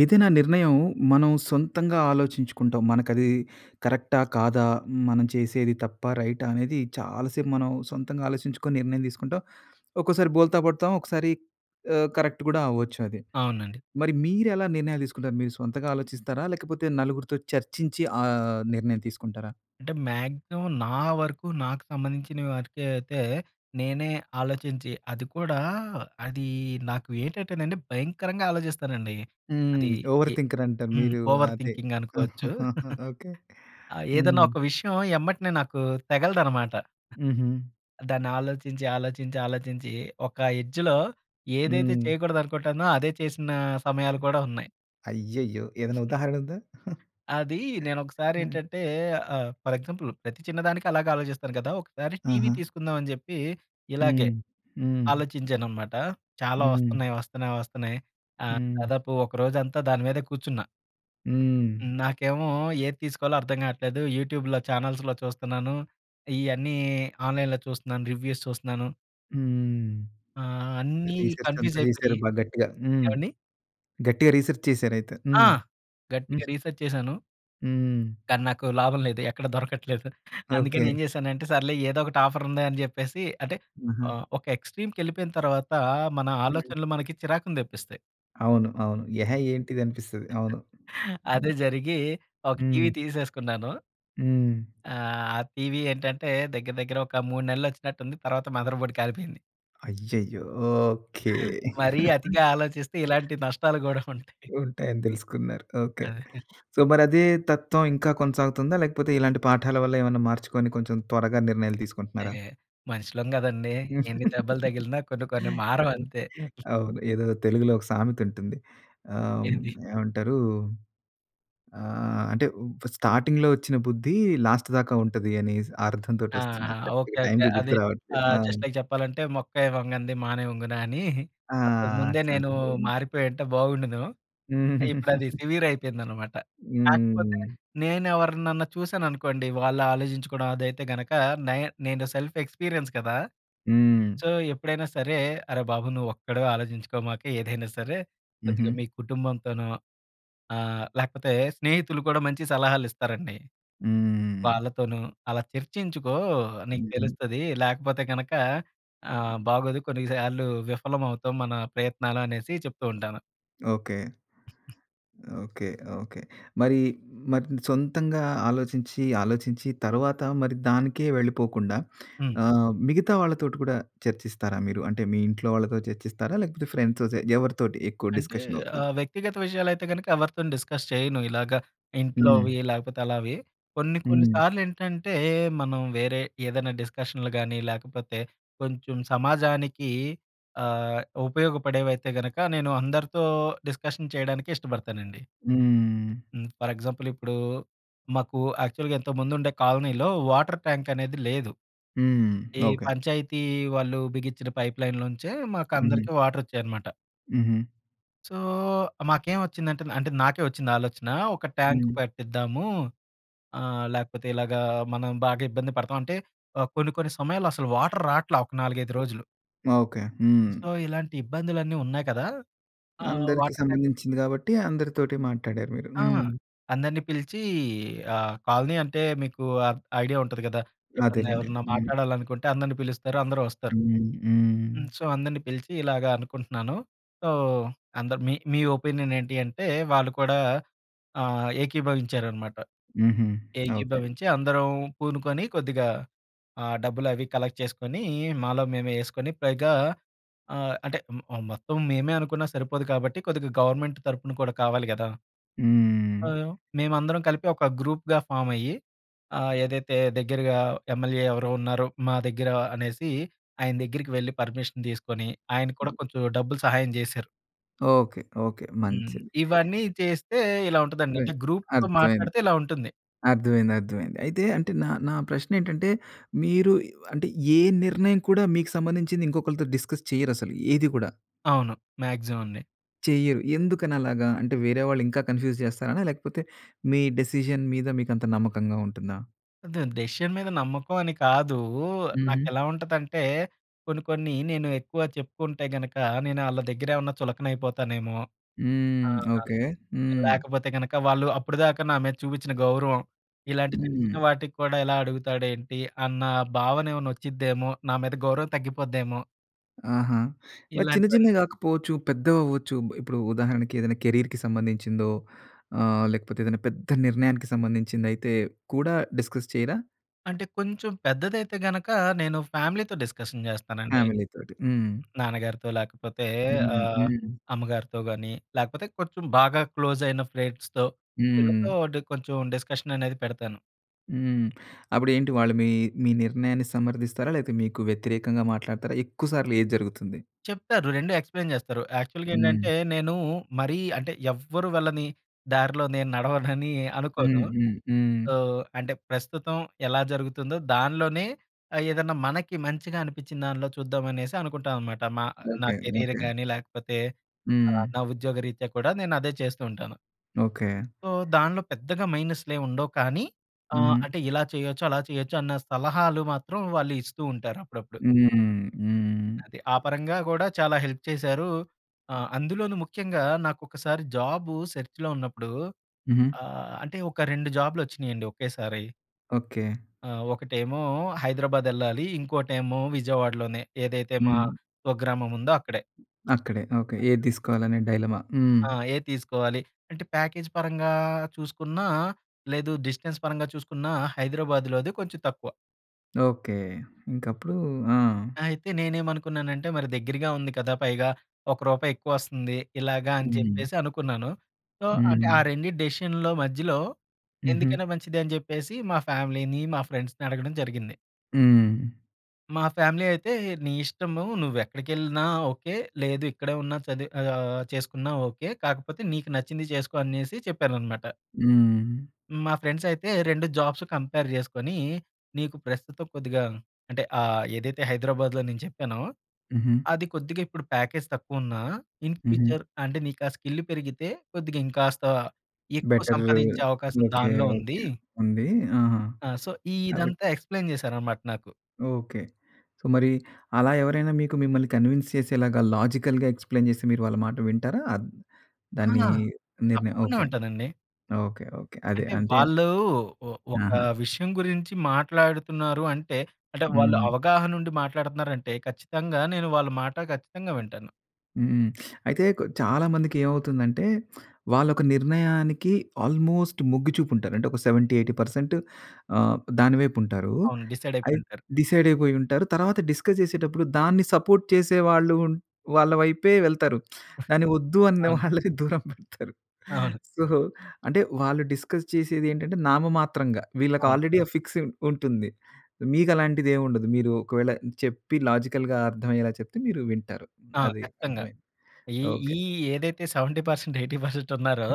ఏదైనా నిర్ణయం మనం సొంతంగా ఆలోచించుకుంటాం. మనకి అది కరెక్టా? కాదా? హ్మ్. మనం చేసేది తప్పా? రైటా? అనేది చాలాసేపు మనం సొంతంగా ఆలోచించుకొని నిర్ణయం తీసుకుంటాం. ఒక్కోసారి బోల్తా పడతాం. ఒకసారి ఆహ్, కరెక్ట్ కూడా అవ్వచ్చు అది. అవునండి. మరి మీరెలా నిర్ణయాలు తీసుకుంటారు? మీరు సొంతగా ఆలోచిస్తారా? లేకపోతే నలుగురితో చర్చించి ఆ నిర్ణయం తీసుకుంటారా? అంటే మాక్సిమం నా వరకు నాకు సంబంధించిన వరికే అయితే నేనే ఆలోచించి అది కూడా అదీ నాకు ఏటంటేనండి, భయంకరంగా ఆలోచిస్తానండి. హ్మ్. అది ఓవర్ ఎ థింకరంటారు. హ్మ్. మీరు ఓవర్ అదే. థింకింగ్ అనుకోవచ్చు. ఓకే. ఆహ్, ఏదన్నా హ్మ్. ఒక విషయం ఎమ్మటనే నాకు తెగలదనమాట. హుహు. దాన్ని ఆలోచించి, ఆలోచించి, ఆలోచించి ఒక ఎడ్జ్‌లో ఏదైతే హ్మ్. చేయకూడదనుకుంటానో అదే చేసినా సమయాలు హ్మ్. కూడా ఉన్నాయి. అయ్యయ్యో! ఏదన్నా ఉదాహరణుందా? అదీ ఆ! నేనొకసారేంటంటే ఆహ్, ఫర్ ఎగ్జాంపుల్ ప్రతి చిన్నదానికి అలాగే ఆలోచిస్తారు కదా! ఒకసారి టీవీ ఆహా! తీసుకుందాం అని చెప్పి ఇలాగే హ్మ్. హ్మ్. ఆలోచించాన్నమాట. చాలా హ్మ్. వస్తన్నయి, వస్తన్నయి, వస్తన్నయి ఆహ్, హ్మ్. దాదాపు ఒక రోజంతా దాని మీదే కూర్చున్నా. హ్మ్. హ్మ్, నాకేమో ఏది తీసుకోవాలో అర్థం కావట్లేదు. యూట్యూబ్‌లో, ఛానల్స్‌లో చూస్తున్నాను. ఇ‌యన్నీ ఆన్‍లైన్‍లో చూస్తున్నాను, రివ్యూస్ చూస్తున్నాను. హ్మ్. ఆ! అన్ని రిసెర్చ్ అంతా కన్‌ఫ్యూస్ అయిపోయి చేశారు బా‌గా గట్టిగా. హ్మ్. ఏవండీ? గట్టిగా రిసెర్చ్ చేశారయితే. ఆ! హ్మ్. హ్మ్. గట్టిగా రీసెర్చ్ చేశాను. హ్మ్. కానీ నాకు లాభం లేదు. ఎక్కడ దొరకట్లేదు. అందుకని ఓకే. ఏం చేశానంటే, సర్లే ఏదోకటి ఆఫరుంది అని చెప్పేసి అంటే ఆహా! ఆహ్, ఒక ఎక్స్‌ట్రీమ్‌కెళ్ళిపోయిన తర్వాత మన హ్మ్. ఆలోచనలు మనకి చిరాకుని తెప్పిస్తాయి. అవును, అవును. ఎహే! ఏంటిది! అనిపిస్తది. అవును. అదే హ్మ్. జరిగి ఒక టీవీ హ్మ్. తీసేసుకున్నాను. హ్మ్. ఆ! టీవీ ఏంటంటే దగ్గర దగ్గర ఒక 3 నెలలు వచ్చినట్టు ఉంది తర్వాత మదర్ బోర్డ్ కాలిపోయింది. అయ్యయ్యో! ఓకే. మరీ అతిగా ఆలోచిస్తే ఇలాంటి నష్టాలు గూడా ఉంటాయి. ఉంటాయని తెలుసుకున్నారు. ఓకే. అదే. సో, మరి అదే తత్వం ఇంకా కొనసాగుతుందా? లేకపోతే ఇలాంటి పాఠాల వల్ల ఏమైనా మార్చుకొని కొంచెం త్వరగా నిర్ణయాలు తీసుకుంటున్నారా? ఎహే! మనుషులం కదండీ. ఎన్ని దెబ్బలు తగిలినా కొన్ని కొన్ని మారవు అంతే. అవును, ఏదో తెలుగులో ఒక సామెత ఉంటుంది. ఆహ్, ఏది? ఏమంటారు? ఆహ్, అంటే ఫా స్టార్టింగ్‌లో ఒచ్చిన బుద్ధి లాస్ట్ దాకా ఉంటది అని‌సి అర్థంతోటొస్తుంది. ఆహా! ఓకే. కరెక్ట్‌గా ఓకే. టైమ్‌కి అది గుర్తు రావట్లేదు. ఆహ్, ఆ! జస్ట్ లైక్ చెప్పాలంటే మొక్కై వంగనిది మానై వంగునా అని ఆ! అంతకు ముందే నేను అట్లాంటి‌దే. మారిపో‌యుంటే బాగుం‌డును. ఇప్పుడు అది సివిర్ అయిపోయిందనమాట. కాకపోతే హ్మ్. నేను ఎవరినన్నా చూశాననుకోండి వాళ్ళు ఆలోచించుకోవడం అదైతే గనక నై నేను సెల్ఫ్ ఎక్స్పీరియన్స్ కదా! హ్మ్. సో, ఎప్పుడైనా సరే, అరే బాబు నువ్వొక్కడివే ఆలోచించుకోమాక ఏదైనా సరే. ఉహూ. కొద్దిగా మీ కుటుంబంతోనో ఆహ్, లేకపోతే స్నేహితులు కూడా మంచి సలహాలు ఇస్తారండి. హ్మ్. వాళ్ళతోను అలా చర్చించుకో. నీకు ఉహూ. తెలుస్తది, లేకపోతే గనక ఆహ్, బాగోదు కొన్ని సార్లు విఫలం అవుతాం మన ప్రయత్నాలు అనేసి చెప్తూ ఉంటాను. ఓకే. ఓకే. ఓకే. మరీ మరి సొంతంగా ఆలోచించి, ఆలోచించి తర్వాత మరి దానికే వెళ్ళిపోకుండా హ్మ్. ఆహ్, మిగతా వాళ్ళతోటి కూడా చర్చిస్తారా మీరు? అంటే మీ ఇంట్లో వాళ్ళతో చర్చిస్తారా? లేకపోతే ఫ్రెండ్స్‌తోటి ఎవరితోటి ఎక్కువ అంటే డిస్కషన్ అవుతది? ఆహ్, వ్యక్తిగత విషయాలైతే గనక ఎవరితోని డిస్కస్ చెయను ఇలాగ. హ్మ్. ఇంట్లోవి లేకపోతే అలావి. కొన్ని కొన్ని హ్మ్. సార్లు ఏంటంటే మనం వేరే ఏదన్నా డిస్కషన్లు గానీ లేకపోతే కొంచెం సమాజానికీ ఆహ్, ఉపయోగపడేవైతే గనక నేను అందరితో డిస్కషన్ చేయడానికి ఇష్టపడతానండి. హ్మ్. హ్మ్. ఫర్ ఎగ్జాంపుల్ ఇప్పుడూ మాకూ యాక్చువల్‌గా ఇంతకు ముందు ఉండే కాలనీలో వాటర్ ట్యాంక్ అనేది లేదు. హ్మ్. ఈ ఓకే. పంచాయతీ వాళ్ళు బిగిచ్చిన పైప్ లైన్‌లోంచే హుహు. మాకందరికి వాటర్ ఒచ్చేయి అనమాట. హుహు. సో మాకేం వచ్చిందంటే అంటే నాకే వచ్చింది ఆలోచన ఒక ట్యాంక్ హ్మ్. పెట్టిద్దాము. ఆహ్, లేకపోతే ఇలాగా మనం బాగా ఇబ్బంది పడతాం. అంటే ఆహ్, కొన్ని, కొన్ని సమయాల్లో అసలు వాటర్ రాటల్ల ఒక 4, 5 రోజులు. ఓకే. హ్మ్. సో ఇలాంటి ఇబ్బందులన్నీ ఉన్నాయి కదా! ఆహ్, అందరికి వాటర్ ట్యాంక్ సంబంధించింది కాబట్టి అందరితోటి మాట్టాడారు మీరు. ఆ! హ్మ్. అందరిని పిలిచీ ఆహ్, కాలనీ అంటే మీకు అబ్ ఐడియా ఉంటది గదా! ఎప్పుడన్నా అదేలెండి. ఎవరన్నా హ్మ్. మాట్లాడాలనుకుంటే అందరిని పిలుస్తారు. అందరు వస్తారు. హ్మ్. హ్మ్. హ్మ్. సో అందరిని పిలిచి ఇలాగ అనుకుంటున్నాను. సో అందరు మీ మీ ఒపీనియన్ ఏంటి అంటే వాళ్ళు కూడా ఆహ్, ఏకీభవించారనమాట. హుహు. ఓకే. ఏకీభవించి అందరం పూనుకొని కొద్దిగా ఆ డబ్బులు అవి కలెక్ట్ చేస్కొని మాలో మేమే ఏస్కొని పైగా ఆహ్, అంటే మ్ మ్ మొత్తం మేమే అనుకున్నా సరిపోదు కాబట్టి కొద్దిగ గవర్నమెంట్ తరపున కూడా కావాలి గదా! హ్మ్. ఆహ్, మేమందరం కలిపి ఒక గ్రూప్‌గా ఫామ్ అయ్యి ఆహ్, ఏదైతే దగ్గెరగా ఎమ్మెల్యే ఎవరో ఉన్నారో మా దగ్గర అనేసి ఆయన దగ్గిరికి వెళ్ళి పర్మిషన్ తీసుకొని ఆయన కూడా కొంచెం డబ్బులు సహాయం చేశారు. ఓకే. ఓకే. హ్మ్. మంచిది. ఇవన్నీ చేస్తే ఇలా ఉంటదండి. హ్మ్. అంటే గ్రూప్‌తో అర్థమైంది. మాట్లాడితే ఇలా ఉంటుంది. అర్థమైంది. అర్థమైంది. అయితే అంటే నా నా ప్రశ్న ఏంటంటే మీరు అంటే ఏ నిర్ణయం కూడా మీకు సంబంధించింది ఇంకొకలతో డిస్కస్ చేయరసలు ఏది కూడా. అవును. మాక్సిమం అండి. చెయ్యరు. ఎందుకనలాగా? అంటే వేరే వాళ్ళు ఇంకా కన్ఫ్యూజ్ చేస్తారనా? లేకపోతే మీ డెసిషన్ మీద మీకు అంత నమ్మకంగా ఉంటుందా? దెన్ డెసిషన్ మీద నమ్మకం అని కాదు. హుహు. నాకెలా ఉంటదంటే కొన్ని కొన్ని నేను ఎక్కువ చెప్పుకుంటే గనుక నేను ఆళ్ళ దగ్గర ఏమైనా చులకన అయిపోతానేమో! హ్మ్. ఆహ్, ఓకే. హ్మ్. లేకపోతే కనుక వాళ్ళు అప్పటిదాకా నా మీద చూపించిన గౌరవం ఇలాంటి చిన్న చిన్న హ్మ్. వాటికి కూడా ఇలా అడుగుతాడు ఏంటి అన్న భావన ఏమన్నా వచ్చిద్దేమో! నా మీద గౌరవం తగ్గిపోద్దేమో! ఆహా! మరి చిన్న ఇలాంటివన్నీ. చిన్నవి కాకపోవచ్చు పెద్దవి అవ్వచ్చు. ఇప్పుడు ఉదాహరణకి ఏదైనా కేరీర్‌కి సంబంధించిందో ఆహ్, లేకపోతే ఏదైనా పెద్ద నిర్ణయానికి సంబంధించింది అయితే కూడా డిస్కస్ చేయరా? అంటే కొంచెం పెద్దదైతే గనక నేను ఫ్యామిలీతో డిస్కషన్ చేస్తానండి. ఫ్యామిలీతోటి. హ్మ్. నాన్నగారితో లేకపోతే హ్మ్. ఆహ్, హ్మ్. అమ్మగారితో గాని లేకపోతే కొంచెం బాగా క్లోజ్ అయిన ఫ్రెండ్స్‌తో హ్మ్. వీళ్ళతో డి కొంచెం డిస్కషన్ అనేది పెడతాను. హ్మ్. అప్పుడేంటి వాళ్ళు మీ, మీ నిర్ణయాన్ని సమర్థిస్తారా? లేకపోతే మీకు వ్యతిరేకంగా మాట్లాడుతారా? ఎక్కువ సార్లు ఏది జరుగుతుంది? చెప్తారు. 2 ఎక్స్‌ప్లైన్ చేస్తారు. యాక్చువల్‌గా హ్మ్. ఏంటంటే నేను మరీ అంటే ఎవ్వరు వాళ్ళని దారిలో నేను నడవనని హ్మ్, అనుకోను. హ్మ్. హ్మ్. సో, అంటే ప్రస్తుతం ఎలా జరుగుతుందో దానిలోనే ఆహ్, ఏదైనా మనకి మంచిగా అనిపించిన దాన్లో చూద్దామనేసి అనుకుంటాననమాట. మా నా ఓకె. Career okay. కానీ లేకపోతే ఆహ్, హ్మ్. నా ఉద్యోగ రీత్యా కూడా నేను అదే చేస్తూ ఉంటాను. ఓకె. సో, దాన్లో పెద్దగా మైనస్‌లేముండవు కానీ ఆహ్, హుహు. అంటే ఇలా చేయొచ్చు అలా చేయొచ్చన్న సలహాలు మాత్రం వాళ్ళిస్తూ ఉంటారు అప్పుడప్పుడు. హ్మ్, హ్మ్. అది. ఆ పరంగా గూడా చాలా హెల్ప్ చేశారూ. ఆహ్, అందులోను ముఖ్యంగా నాకొకసారి జాబూ సెర్చ్‌‌లో ఉన్నప్పుడూ హుహు. ఆహ్, అంటే ఒక 2 జాబూలొచ్చినీయండి ఒకేసారి. ఓకె. ఆహ్, ఒకటేమో హైదరాబాద్ వెళ్ళాలి. ఇంకోటేమో విజయవాడలోనే. ఏదైతే మా హ్మ్. స్వగ్రామముందో అక్కడే. అక్కడే, ఓకె. ఏది తీసుకోవాలనే డైలమా. హ్మ్. ఆ! ఏది తీసుకోవాలి. అంటే ప్యాకేజ్ పరంగా చూసుకున్నా, లేదు డిస్టెన్స్ పరంగా చూసుకున్నా హైదరాబాద్‌లోది కొంచెం తక్కువ. ఓకే. ఇంకప్పుడు. ఆ! అయితే నేనేమనుకున్నానంటే. మరి దగ్గరగా ఉంది కదా! పైగా ఒక్క రూపాయి ఎక్కువొస్తుంది. ఇలాగా అని హ్మ్. చెప్పేసి అనుకున్నాను. సో అంటే ఆ హ్మ్. రెండిటి డేసిషన్లో మధ్యలో హుహు. ఎందుకైనా మంచిది అని చెప్పేసి మా ఫ్యామిలీని, మా ఫ్రెండ్స్‌ని అడగడం జరిగింది. హ్మ్. మా ఫ్యామిలీ అయితే నీ ఇష్టను నువ్వు ఎక్కడికెళ్ళినా ఓకే. లేదు ఇక్కడే ఉన్నా చదివి ఆహ్, చేసుకున్నా ఓకే. కాకపోతే నీకు నచ్చింది చేసుకో అనేసి చెప్పారు అన్నమాట. హ్మ్. మా ఫ్రెండ్స్ అయితే 2 జాబ్స్ కంపేర్ జేసుకొనీ, నీకు ప్రస్తుతం కొద్దిగా అంటే ఆహ్, ఏదైతే హైదరాబాద్లో నేను చెప్పానో. హుహు. అది కొద్దిగా ఇప్పుడు ప్యాకేజ్ తక్కువ ఉన్నా, ఇన్ హుహు. ఫ్యూచర్ అంటే నీకు ఆ స్కిల్ పెరిగితే కొద్దిగా ఇంకాస్త ఎక్కువ బెటరు. సంపాదించే అవకాశం ఓకే. దానిలో ఉందీ. ఓకే ఉంది. ఆహా! ఆ! సో కాబట్టి ఇదంతా ఎక్స్ప్లేయిన్ చేసారన్నమాట నాకు. ఓకే. సో మరి అలా ఎవరైనా మీకు మిమ్మల్ని కన్విన్స్ చేసేలాగా, లాజికల్‌గా ఎక్స్ప్లేన్ చేస్తే మీరు వాళ్ళ మాట వింటారా? అద్ ఆ! దాన్ని నిర్ణ తప్పకుండా ఓకే. వింటానండి. ఓకే. ఓకే. అదే అంటే. అంటే వాళ్ళు ఓహ్! ఒక ఆహా! విషయం గురించి మాట్లాడుతున్నారు అంటే. అంటే వాళ్ళు హ్మ్. అవగాహన ఉండి మాట్లాడుతున్నారు అంటే ఖచ్చితంగా నేను వాళ్ళ మాట ఖచ్చితంగా వింటాను. హ్మ్. అయితే కో చాలామందికి ఏమవుతుందంటే? వాళ్ళు ఒక నిర్ణయానికి ఆల్మోస్ట్ మొగ్గిచుపూ ఉంటారు. అంటే ఒక 70%, 80% ఆహ్, దాని వైపు ఉంటారు. అవును. డిసైడ్ అయిపోయి అయి ఉంటారు. డిసైడ్ అయిపోయి ఉంటారు. తర్వాత డిస్కస్ చేసేటప్పుడు దాన్ని సపోర్ట్ చేసే వాళ్ళు ఉన్ వాళ్ళ వైపే వెళ్తారు. ఆహ్, దాన్ని వద్దు అన్న అవును. వాళ్ళని దూరం పెడతారు. అవును. సో అంటే వాళ్ళు డిస్కస్ చేసేదేంటంటే నామమాత్రంగా వీళ్ళకి అవును. ఆల్రెడీ ఆ ఫిక్స్ ఉంటుంది. మీకు అలాంటిది ఏముండదు. మీరు ఒకవేళ చెప్పి లాజికల్‌గా అర్థమయ్యేలా చెప్తే మీరు వింటారు. ఆ! అది ఖచ్చితంగా. అర్థమైంది ఈ ఓకే. ఈ ఏదైతే 70%, 80% ఉన్నారో!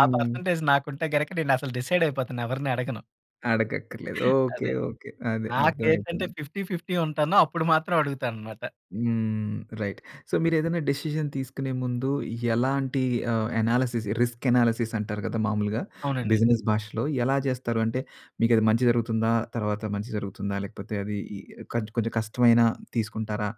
ఆ పర్సెంటేజ్ నాకుంటే గనక నేను అసలు డిసైడ్ అయిపోతాను. ఎవరిని అడగను. అడగక్కర్లేదు. ఓకే. అదే. ఓకే. అదే నాకేంటంటే అర్థమైపోయింది. 50-50 ఉంటాను. అప్పుడు మాత్రం అడుగుతాననమాట. హ్మ్. రైట్. సో, మీరు ఏదన్న డెసిషన్ తీసుకునే ముందు ఎలాంటి ఆహ్, అనాలిసిస్ రిస్క్ అనాలిసిస్ అంటారు కదా మామూలుగా, అవునండి. బిజినెస్ భాషలో. ఎలా చేస్తారు? అంటే మీకు అది మంచి జరుగుతుందా? తర్వాత మంచి జరుగుతుందా? లేకపోతే అది కొంచెం కష్టమైన తీసుకుంటారా?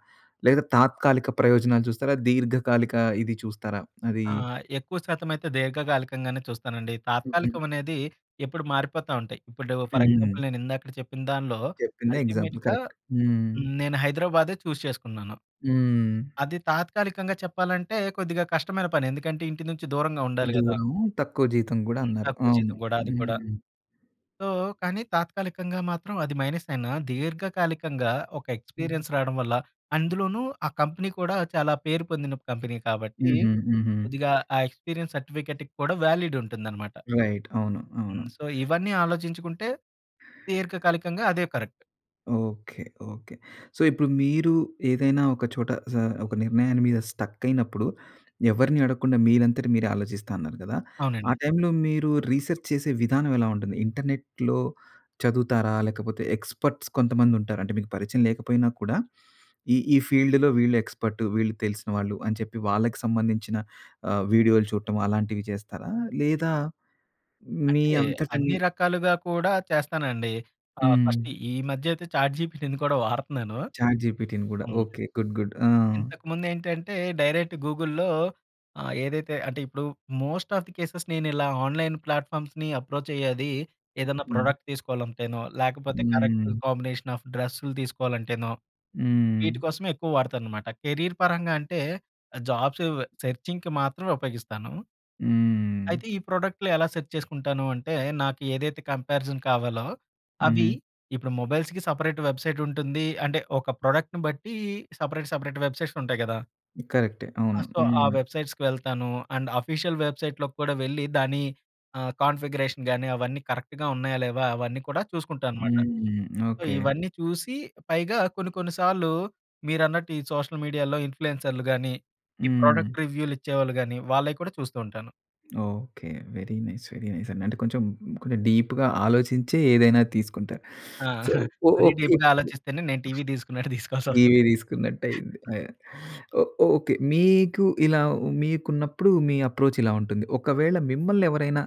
లేదా తాత్కాలిక ప్రయోజనాలు చూస్తారా? దీర్ఘకాలిక ఇది చూస్తారా? అదీ ఆ! ఎక్కువ శాతం అయితే దీర్ఘకాలికంగానే చూస్తానండి. హుహు. తాత్కాలికం అనేది ఎప్పుడు మారిపోతా ఉంటాయి. ఇప్పుడు ఫర్ హ్మ్. ఎగ్జాంపుల్ నేను ఇందాక చెప్పిన దాంట్లో చెప్పిందే ఎగ్జాంపుల్ అల్టిమేట్‌గా కరెక్ట్. హ్మ్. హ్మ్, నేను హైదరాబాదే చూజ్ చేసుకున్నాను. హ్మ్. అది తాత్కాలికంగా చెప్పాలంటే, కొద్దిగా కష్టమైన పని. ఎందుకంటే, ఇంటి నుంచి దూరంగా ఉండాలి కదా! దూరము. తక్కువ జీతం కూడా హ్మ్. అన్నారు. తక్కువ అవును. జీతం కూడా అది కూడా. హ్మ్. సో, కానీ తాత్కాలికంగా మాత్రం అది మైనస్ అయినా దీర్ఘకాలికంగా, ఒక హ్మ్. ఎక్స్‌పీరియెన్స్ రావడం వల్ల, అందులోనూ ఆ కంపెనీ కూడా చాలా పేరు పొందిన కంపెనీ కాబట్టి. హుహు. హుహు. కొద్దిగా ఆ ఎక్స్‌పీరియెన్స్ సర్టిఫికేట్ కూడా వాలిడ్ ఉంటుందన్నమాట. రైట్. అవును. అవును. హ్మ్. సో, ఇవన్నీ ఆలోచించుకుంటే దీర్ఘకాలికంగా అదే కరెక్ట్. ఓకే. ఓకే. సో, ఇప్పుడు మీరు ఏదైనా ఒక చోట జ ఒక నిర్ణయాన్ని మీద స్టక్ అయినప్పుడు ఎవరిని అడగకుండా మీరంతటి మీరే ఆలోచిస్తా అన్నారు గదా! ఆ అవునండి. టైమ్‌లో మీరు రీసెర్చ్ చేసే విధానం ఎలా ఉంటుంది? ఇంటర్నెట్‌లో చదువుతారా? లేకపోతే ఎక్స్‌పర్ట్స్ కొంతమందుంటారు. అంటే మీకు పరిచయం లేకపోయినా కూడా ఈ ఈ ఫీల్డ్‌లో వీళ్ళు ఎక్స్‌పర్టు. వీళ్ళు తెలిసిన వాళ్ళు అని చెప్పి వాళ్ళకి సంబంధించిన ఆహ్, వీడియోలు చూడటం అలాంటివి జేస్తారా? లేదా మీ అంటే అంతట మీ అన్ని రకాలుగా కూడా చేస్తానండి. ఆహ్, ఫస్ట్ హ్మ్. ఈ మధ్య అయితే చాట్‌జిపిటిని కూడా వాడుతున్నాను. చాట్‌జిపిటిని గూడా. హ్మ్. ఓకే. Good, good. ఆ! ఇంతకు ముందేంటంటే, డైరెక్ట్ గూగుల్‌లో ఆహ్, ఏదైతే అంటే ఇప్పుడు మోస్ట్ ఆఫ్ ది కేసెస్ నేను ఇలా ఆన్‍లైన్ ప్లాట్‍ఫామ్స్‌ని అప్రోచ్ అయ్యేది ఏదైనా హ్మ్. ప్రోడక్ట్ తీసుకోవాలంటేనో, లేకపోతే కరెక్ట్ హ్మ్. కాంబినేషన్ ఆఫ్ డ్రెస్సులు తీసుకోవాలంటేనో వీటి హ్మ్. కోసమే ఎక్కువ వాడుతానన్నమాట. కెరీర్ పరంగా అంటే, జాబ్సు సెర్చింగ్‌కి మాత్రమే ఉపయోగిస్తాను. హ్మ్. అయితే ఈ ప్రొడక్ట్‌లు ఎలా సెర్చ్ చేసుకుంటాను అంటే, నాకు ఏదైతే కంపేరిజన్ కావాలో అవి హ్మ్. ఇప్పుడు మొబైల్స్‌కి సెపరేట్ వెబ్‌సైట్ ఉంటుంది. అంటే ఒక ప్రొడక్ట్‌ని బట్టి సెపరేట్, సెపరేట్ వెబ్‌సైట్స్ ఉంటాయి గదా! కరక్టే. ఆ! అవును. సో, ఆ హ్మ్. వెబ్‌సైట్స్‌కి వెళ్తాను. అండ్ ఆఫీషియల్ వెబ్‌సైట్‌లోకి కూడా వెళ్లి దాని ఆహ్, కాన్ఫిగరేషన్ గానీ, అవన్నీ కరెక్ట్‌గా ఉన్నాయా లేవా? అవన్నీ కూడా చూసుకుంటా అనమాట. హ్మ్. So, okay. ఇవన్నీ చూసి పైగా కొన్ని, కొన్ని సార్లు మీరన్నట్టు ఈ సోషల్ మీడియాలో ఇన్ఫ్లూయెన్సర్‌లు గానీ, ఈ హ్మ్. ప్రోడక్ట్ రివ్యూలిచ్చేవాళ్ళు గానీ వాళ్ళయ్యి కూడా చూస్తూ ఉంటాను. Okay. Very nice, very nice అండి. అంటే కొంచెం కొంచెం డీప్‌గా ఆలోచించి ఏదైనా తీసుకుంటారు. ఆ! సో, మరీ ఇప్ డీప్‌గా ఆలోచిస్తేనే నేను టీవీ తీసుకున్నట్టు తీసుకోవాల్సి‌వస్తది. టీవీ తీసుకున్నట్టు అయింది. అ! ఓహ్! ఓకే. మీకూ ఇలా మీకున్నప్పుడు మీ అప్రోచ్ ఇలా ఉంటుంది. ఒకవేళ మిమ్మల్ని ఎవరైనా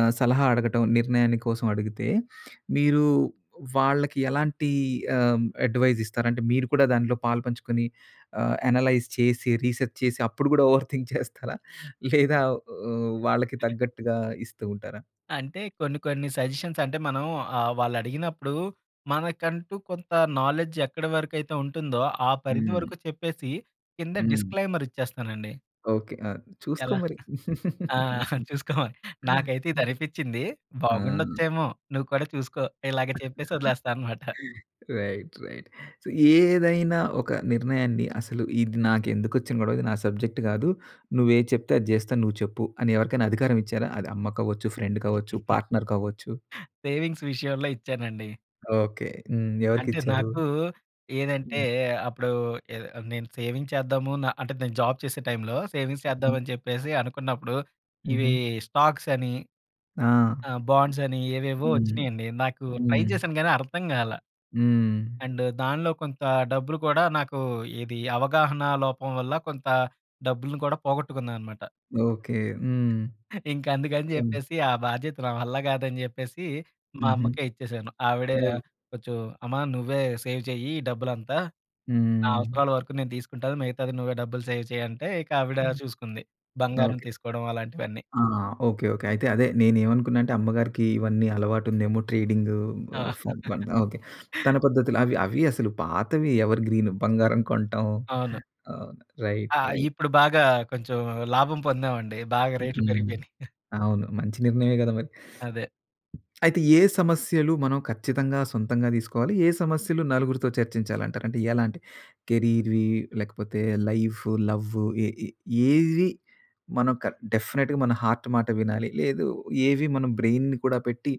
ఆహ్, సలహా అడగటం, నిర్ణయాన్ని కోసం అడిగితే మీరు వాళ్ళకి ఎలాంటి ఆహ్, హ్మ్, అడ్వైస్ ఇస్తారంటే మీరు కూడా దాంట్లో పాలుపంచుకుని, ఆహ్, అనలైజ్ చేసి, రీసెర్చ్ చేసి అప్పుడు కూడా ఓవర్ థింక్ చేస్తారా? లేదా వా వాళ్ళకి తగ్గట్టుగా ఇస్తూ ఉంటారా? అంటే కొన్ని కొన్ని సజెషన్స్ అంటే మనం ఆహ్, వాళ్ళడిగినప్పుడు మనకంటూ కొంత నాలెడ్జ్ ఎక్కడ వరకైతే ఉంటుందో ఆ పరిధి హ్మ్. వరకు చెప్పేసి కింద హ్మ్. డిస్‌క్లైమర్ ఇచ్చేస్తానండి. ఓకే. అ! చూసుకో ఎలా? మరి. ఆ! చూసుకోమని. నాకైతే హ్మ్. ఇదనిపిచింది. ఆ! బాగుండొచ్చేమో! నువ్వు కూడా చూసుకో, ఇలాగ చెప్పేసి వదిలేస్తా అనమాట. రైట్. రైట్. సో, ఏదైనా ఒక నిర్ణయాన్ని, అసలు ఇది నాకెందుకొచ్చిన గొడవ! ఇది నా సబ్జెక్ట్ కాదు. నువ్వు ఏది చెప్తే అది చేస్తాను. నువ్వు చెప్పు, అని ఎవరికైనా అధికారం ఇచ్చారా? అది అమ్మ కావచ్చు, ఫ్రెండ్ కావచ్చు, పార్ట్నర్ కావచ్చు. సేవింగ్స్ విషయంలో ఇచ్చానండి. ఓకే. హ్మ్. అంటే ఎవరికిచ్చారు? నాకు ఏదంటే హ్మ్. అప్పుడూ ఏదో ఆహ్, నేను సేవింగ్స్ చేద్దాము నా అంటే, నేను జాబ్ చేసే టైంలో, సేవింగ్స్ హ్మ్. చేద్దామని చెప్పేసి అనుకున్నప్పుడు, ఇవి హుహు. స్టాక్స్ అని, ఆ! ఆహ్, బాండ్స్ అని ఏవేవో హ్మ్. వచ్చినియండి. నాకు ట్రై హ్మ్. చేశాను కానీ అర్థం కాలా. హ్మ్. అండ్ దానిలో కొంత డబ్బులు కూడా నాకు ఏది అవగాహన లోపం వల్ల కొంత డబ్బుని కూడా పోగొట్టుకున్నానమాట. ఓకే. హ్మ్. ఇంక అందుకని హ్మ్. చెప్పేసి ఆ బాధ్యత నా వల్ల కాదని చెప్పేసి మా హుహు. అమ్మకే ఇచ్చేసాను. ఆవిడ ఓహ్! కొంచెం, అమ్మా! నువ్వే సేవ్ చెయ్యి ఈ డబ్బులంతా. నా హ్మ్. అవసరాల వరకు నేను తీసుకుంటాను, మిగతాది నువ్వే డబ్బులు సేవ్ చేయి అంటే ఇంక ఆవిడ హ్మ్, చూసుకుంది. బంగారం ఓకే. తీసుకోవడం అలాంటివన్నీ. ఆ! ఓకే. ఓకే. అయితే అదే నేనేమనుకున్నానంటే అమ్మగారికి ఇవన్నీ అలవాటు ఉందేమో ట్రేడింగ్, ఆ! ఉఫ్ ఫ ఓకే. తన పద్ధతులు అవి అవి అసలు పాతవి ఎవర్‌గ్రీన్. బంగారం కొంటం అవును. ఆహ్, ఆ! Right, right. ఇప్పుడు బాగా కొంచెం లాభం పొందామండి. బాగా హ్మ్, రేట్లు హ్మ్. పెరిగిపోయినాయి. అవును మంచి నిర్ణయమే కదా మరి! అదే. అయితే ఏ సమస్యలు మనం ఖచ్చితంగా సొంతంగా తీసుకోవాలి, ఏ సమస్యలు నలుగురితో చర్చించాలి అంటారు? అంటే ఎలాంటివి? కెరీర్‌వి, లేకపోతే లైఫ్, లవ్ ఏ ఏ ఏవి మనం డెఫినిట్‌గా మన హార్ట్ మాట వినాలి? లేదు, ఏవి మనం బ్రెయిన్‌ని కూడా పెట్టి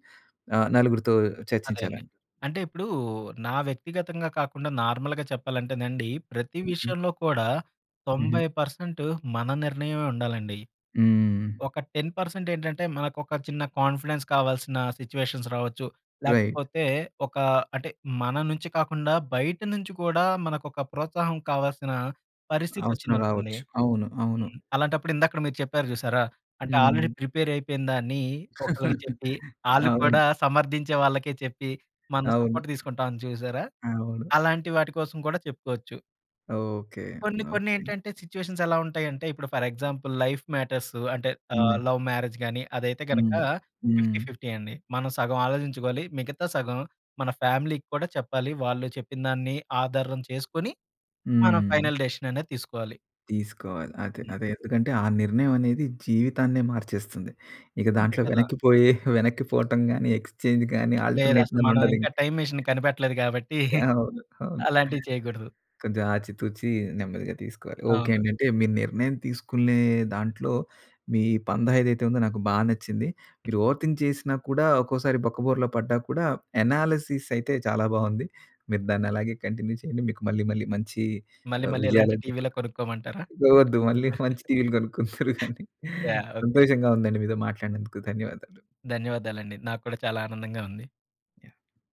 ఆహ్, నలుగురితో అదే అండి. చర్చించాలండి? అంటే ఇప్పుడూ నా వ్యక్తిగతంగా కాకుండా నార్మల్‌గా చెప్పాలంటేనండి ప్రతి హుహు. విషయంలో కూడా 90 హుహు. పర్సెంట్ మన నిర్ణయమే ఉండాలండి. హ్మ్. ఒక 10% ఏంటంటే, మనకొక చిన్న కాన్ఫిడెన్స్ కావాల్సిన సిట్యుయేషన్స్ రావచ్చు, రైట్. లేకపోతే ఒక అంటే మన నుంచి కాకుండా బయట నుంచి కూడా మనకొక ప్రోత్సాహం కావాల్సిన పరిస్థితి అవసరం వచ్చిందనుకోండి. రావచ్చు. అవును. అవును. హ్మ్, అలాంటప్పుడు ఇందాక మీరు చెప్పారు చూశారా, అంటే ఆల్‌రెడీ హ్మ్. ప్రిపేర్ అయిపోయిందాన్ని ఒకళ్ళకి చెప్పి ఆళ్ళు అవును. కూడా సమర్థించే వాళ్ళకే చెప్పి, మనం అవును. సపోర్ట్ తీసుకుంటాం చూశారా! అవును. అలాంటి వాటి కోసం కూడా చెప్పుకోవచ్చు. ఓకే. కొన్ని కొన్ని ఓకే. ఏంటంటే సిట్యుయేషన్స్ ఎలా ఉంటాయంటే ఇప్పుడు ఫర్ ఎగ్జాంపుల్ లైఫ్ మ్యాటర్స్ అంటే ఆహ్, హ్మ్. లవ్ మ్యారేజ్ గాని అదైతే గనుక హ్మ్. ఫిఫ్టీ హ్మ్. ఫిఫ్టీ అండి. మనం సగం ఆలోచించుకోవాలి, మిగతా సగం మన ఫ్యామిలీకి కూడా చెప్పాలి. వాళ్ళు చెప్పినదాన్ని ఆధారం చేసుకొని, మనం హ్మ్. ఫైనల్ డిసిషన్ అనేది తీసుకోవాలి. తీసుకోవాలి. అదే హ్మ్. అదే ఎందుకంటే ఆ నిర్ణయం అనేది జీవితాన్నే మార్చేస్తుంది. ఇక అంతే దాంట్లో కదా! వెనక్కిపోయే వెనక్కిపోవటం గాని, ఎక్స్చేంజ్ గాని, లేదు. ఆల్టర్‌నేట్ అసలు గానీ మనం ఉండదు ఇంకా ఇంకా. టైమ్ మిషన్ కనిపెట్టలేదు కాబట్టి యాహ్! అవును. అవును. అలాంటివి చేయకూడదు. కొంచెం ఆచి తూచి నెమ్మదిగా తీసుకోవాలి. ఓకే అవును. అండి. అంటే మీరు నిర్ణయం తీసుకునే దాంట్లో మీ పందా ఏదైతే ఉందో నాకు బాగా నచ్చింది. మీరు ఓవర్ థింక్ చేసినా కూడా ఒక్కోసారి బొక్కబోరల పడ్డా కూడా ఎనాలిసిస్ అయితే చాలా బాగుంది. మీరు దాన్నలాగే కంటిన్యూ చేయండి. మీకు మళ్ళీ మళ్ళీ మంచి మళ్ళీ ఆహ్, మళ్ళీ ఇలాంటి విజయాలైతే టీవీ‌లే దక్కుతాయి. కొనుక్కోమంటారా! వద్దు మళ్ళీ మంచి టీవీలు కొనుక్కుందురూ కానీ యాహ్! ఓకే. సంతోషంగా ఉందండి. మీతో మాట్లాడినందుకు ధన్యవాదాలు. ధన్యవాదాలండి. నాకు కూడా చాలా ఆనందంగా ఉంది. యాహ్!